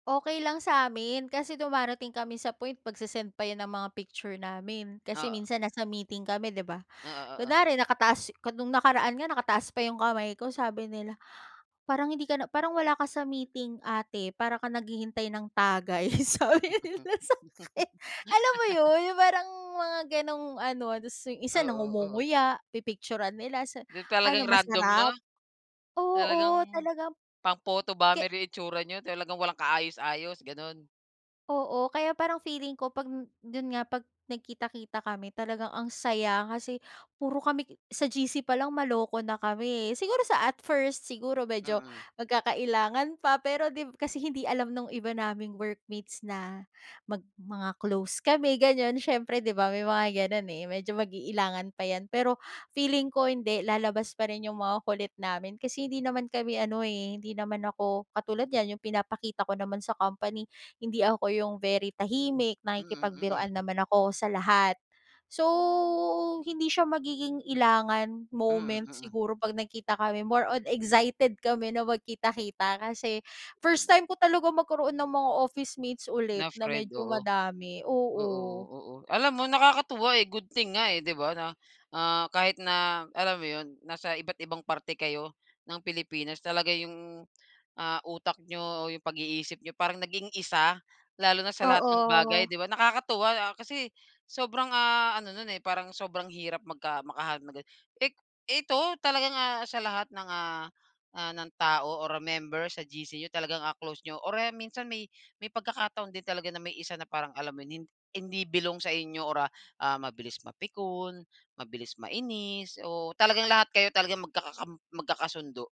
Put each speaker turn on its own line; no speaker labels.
Okey lang samin, kasi dumarating kami sa point magse-send pa yan ng mga picture namin kasi
Oo.
minsan nasa meeting kami di ba?
Oo, oo.
Kunyari nakataas kun nung nakaraan nga nakataas pa yung kamay ko sabi nila, "Parang hindi ka na parang wala ka sa meeting ate para ka naghihintay ng tagay" sabi nila sakin alam mo yun yung parang mga ganong ano yung isa
Oo, oo.
nangumunguya pipikturan nila sa
Di
"Ano
talagang random 'no?
masarap?"
Talagang
Oo, talagang
pang-photo
ke
bomber yung itsura niya talagang walang kaayos-ayos, ganun.
Oo, kaya parang feeling ko 'pag dun nga pag nagkita-kita kami talagang ang saya kasi puro kami sa GC palang maloko na kami eh, siguro sa at first, siguro medyo
Mm.
magkakailangan pa, pero dib kasi hindi alam nung iba naming workmates na mag mga close kami ganyan siyempre, di ba? May mga ganun eh, medyo mag-iilangan pa yan, pero feeling ko hindi, lalabas pa rin yung mga kulit namin kasi hindi naman kami ano eh, hindi naman ako katulad niyan. Yung pinapakita ko naman sa company hindi ako yung very tahimik
Mm,
nakikipagbiruan
mm.
naman ako sa lahat. So, hindi siya magiging ilangan
Mm,
moments
mm.
siguro pag nagkita kami more on excited kami na magkita-kita kasi first time ko talagang magkaroon ng mga officemates ulit
Na
na
friend,
medyo
oo.
madami.
Oo,
Oo.
oo. Alam mo nakakatuwa eh, good thing nga eh, di ba, na ah, kahit na alam mo yun, nasa iba't ibang parte kayo ng Pilipinas talaga yung, ah, utak niyo o yung pag-iisip niyo parang naging isa lalo na sa lahat ng bagay,
Oo.
di ba? Nakakatuwa kasi sobrang ah, ano nun eh, parang sobrang hirap magka makahanap ng ganon. I ito talaga nga sa lahat ng ah ah, ng tao or member sa GC yung talagang ah, close niyo or eh, minsan may may pagkakataon din talaga na may isa na parang alam mo yon, hindi belong sa inyo or ah, ah, mabilis mapikon, mabilis mainis o talagang lahat kayo talagang magkakam magkakasundo?